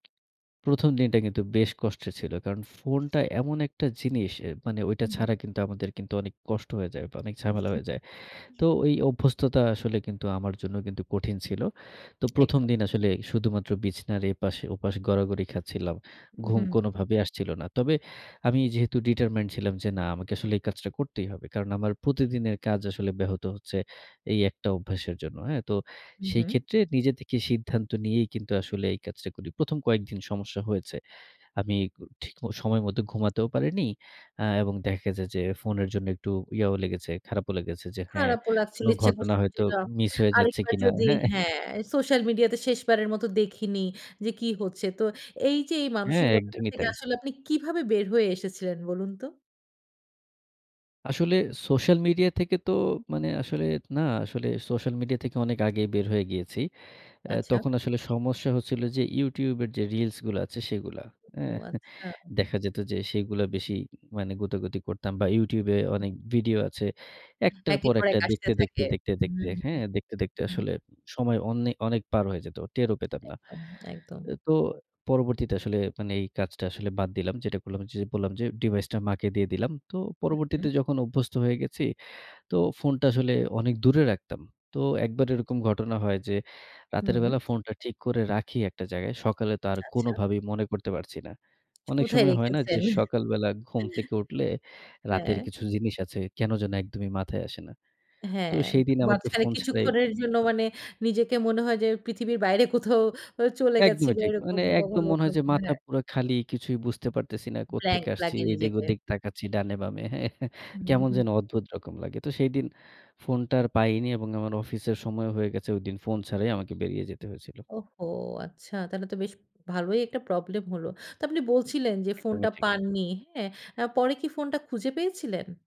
১ম দিনটা কিন্তু বেশ কষ্টের ছিল। কারণ ফোনটা এমন একটা জিনিস এ মানে ঐটা হু, হু। ছাড়া কিন্তু আমাদের কিন্তু অনেক কষ্ট হয়ে যায়, অনেক ঝামেলা হয়ে যায়। তো ওই অভ্যস্ততা আসলে কিন্তু আমার জন্য কিন্তু কঠিন ছিল। তো ১ম একদম। দিন আসলে শুধুমাত্র বিছানার এপাশে ওপাশে গড়াগড়ি খাচ্ছিলাম। উ ঘুম হু। কোনোভাবেই আসছিল না। তবে আমি যেহেতু ডিটারমাইনড ছিলাম যে না আমাকে আসলে এই কাজটা করতেই হবে, কারণ আমার প্রতিদিনের কাজ ব্যাহত হচ্ছে এই একটা অভ্যাসের জন্য। হ্যা? তো হু, সেই হু। ক্ষেত্রে নিজেদের থেকে সিদ্ধান্ত নিয়েই কিন্তু আসলে এই কাজটা করি, ১ম কয়েকদিন সমস্যা হয়েছে। আমি উ ঠিক সময়মতো ঘুমাতেও পারিনি। আ এবং দেখা যায় যে ফোনের জন্য একটুও ইয়াও লেগেছে, খারাপও লেগেছে যে হ্যা, খারাপও লাগছিল কোনো ইচ্ছা ঘটনা করছিল যে হয়তো না, মিস হয়ে যাচ্ছে আরেকবার কিনা হ্যা। যদি হ্যা সোশ্যাল মিডিয়াতে শেষবারের মতো দেখিনি যে কি হচ্ছে। তো এই যে এই হ্যা, মানসিকতা একদমই থেকে তাই। আসলে আপনি কিভাবে বের হয়ে এসেছিলেন বলুন তো? আসলে সোশ্যাল মিডিয়া থেকে তো মানে আসলে, না আসলে সোশ্যাল মিডিয়া থেকে অনেক আগেই বের হয়ে গিয়েছি। অ্যা আচ্ছা। তখন আসলে সমস্যা হচ্ছিল যে YouTube এর যে reels গুলা আছে সেগুলা, এ্যা ও আচ্ছা। দেখা যেত যে সেগুলা বেশি মানে গোতাগুতি করতাম বা YouTube এ হু। অনেক ভিডিও আছে। একটার একের পর পর একটা এক আসতে দেখতে, দেখতে, থাকে, দেখতে, হু, দেখতে, হ্যা, হু, দেখতে, দেখতে হু। আসলে সময় অন্নে অনেক পার হয়ে যেত। টেরও পেতাম না। একদম, একদম। এ তো পরবর্তীতে আসলে মানে এই কাজটা আসলে বাদ দিলাম। যেটা করলাম, বললাম যে ডিভাইসটা মাকে দিয়ে দিলাম। তো হু, পরবর্তীতে হু। যখন অভ্যস্ত হয়ে গেছি তো ফোনটা আসলে অনেক দূরে রাখতাম। তো একবার এরকম ঘটনা হয় যে রাতের হুম। বেলা ফোনটা ঠিক করে রাখি একটা জায়গায়। সকালে তো আর আচ্ছা। কোনোভাবেই মনে করতে পারছি না। অনেক কোথায় সময় হয় না যে রেখেছেন? সকালবেলা ঘুম থেকে উঠলে রাতের হ্যা। কিছু জিনিস আছে কেন যেন একদমই মাথায় আসে না। হ্যা তো সেইদিন আমাকে মাঝখানে ফোন ছাড়াই কিছুক্ষণের জন্য মানে নিজেকে মনে হয় যে পৃথিবীর বাইরে কোথাও ও চলে গেছি একদমই বা ঠিক। এরকম মানে একদম কখনো, মনে হয় যে কখনো মাথা হ্যা। পুরা খালি। কিছুই বুঝতে পারতেছি না। কোত ব্ল্যাংক থেকে আসছি, লাগে এদিক নিজেকে। ওদিক তাকাচ্ছি ডানে বামে হ্যা উ কেমন হু। যেন অদ্ভুত রকম লাগে। তো সেইদিন ফোনটা আর পাইনি এবং আমার অফিসের সময় হয়ে গেছে। ঐদিন ফোন ছাড়াই আমাকে বেরিয়ে যেতে হয়েছিল। ওহহো! আচ্ছা তাহলে তো বেশ ভালোই একটা প্রবলেম হলো। তো আপনি বলছিলেন যে একদমই ফোনটা ঠিক। পাননি, হ্যা? আ পরে কি ফোনটা খুঁজে পেয়েছিলেন?